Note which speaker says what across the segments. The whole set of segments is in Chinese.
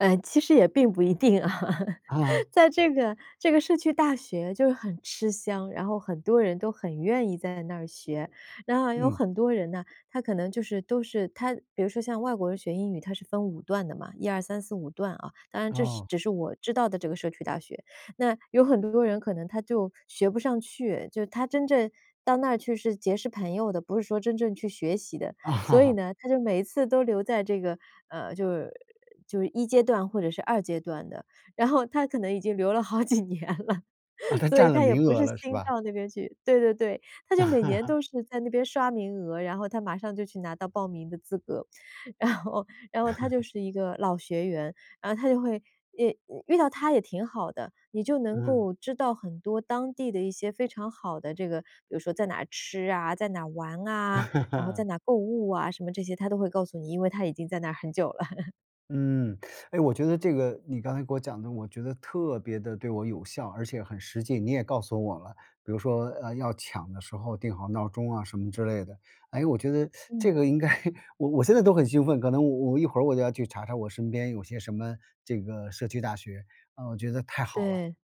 Speaker 1: 呃，其实也并不一定啊。
Speaker 2: 啊。
Speaker 1: 在这个这个社区大学就是很吃香，然后很多人都很愿意在那儿学。然后有
Speaker 2: 嗯。
Speaker 1: 很多人呢，他可能就是都是他比如说像外国人学英语，他是分5段的嘛，一二三四五段啊。当然这
Speaker 2: 哦。
Speaker 1: 只是我知道的这个社区大学。那有很多人可能他就学不上去，就他真正到那儿去是结识朋友的，不是说真正去学习的。所以 呢，他就每一次都留在这个，呃，就是就是一阶段或者是二阶段的。然后他可能已经留了好几年了，
Speaker 2: 啊，他
Speaker 1: 所以
Speaker 2: 占了
Speaker 1: 他也
Speaker 2: 名
Speaker 1: 不
Speaker 2: 额
Speaker 1: 是
Speaker 2: 了是
Speaker 1: 新
Speaker 2: 吧？
Speaker 1: 到那边去，对对对。他就每年 都是在那边刷名额，然后他马上就去拿到报名的资格。然后然后他就 是一个老学员，然后他就会遇遇到他也挺好的，你就能
Speaker 2: 嗯。
Speaker 1: 够知道很多当地的一些非常好的这个比如说在哪儿吃啊、在哪儿玩啊，然后在 哪儿购物啊，什么这些他都会告诉你，因为他已经在那儿很久了。
Speaker 2: 嗯，哎，我觉得这个你刚才给我讲的，我觉得特别地对我有效，而且很实际。你也告诉我了，比如说，呃，要抢的时候定好闹钟啊什么之类的。诶，我觉得
Speaker 1: 嗯。
Speaker 2: 这个应该我我现在都很兴奋，可能我我一会儿我就要去查查我身边有些什么这个社区大学。呃，我觉得太好了。
Speaker 1: 对。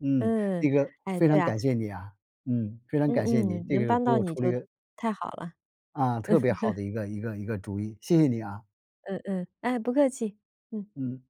Speaker 2: 嗯，
Speaker 1: 嗯，
Speaker 2: 这个
Speaker 1: 哎，
Speaker 2: 非
Speaker 1: 对
Speaker 2: 常
Speaker 1: 啊。
Speaker 2: 感谢你啊，嗯，非常
Speaker 1: 嗯
Speaker 2: 感谢你，
Speaker 1: 嗯，
Speaker 2: 这
Speaker 1: 能
Speaker 2: 个给
Speaker 1: 帮到
Speaker 2: 我
Speaker 1: 你
Speaker 2: 出了一
Speaker 1: 就
Speaker 2: 个
Speaker 1: 太好了。
Speaker 2: 啊，特别好 的一个一个一个主意，谢谢你啊。
Speaker 1: 嗯嗯，哎，不客气，嗯。
Speaker 2: 嗯。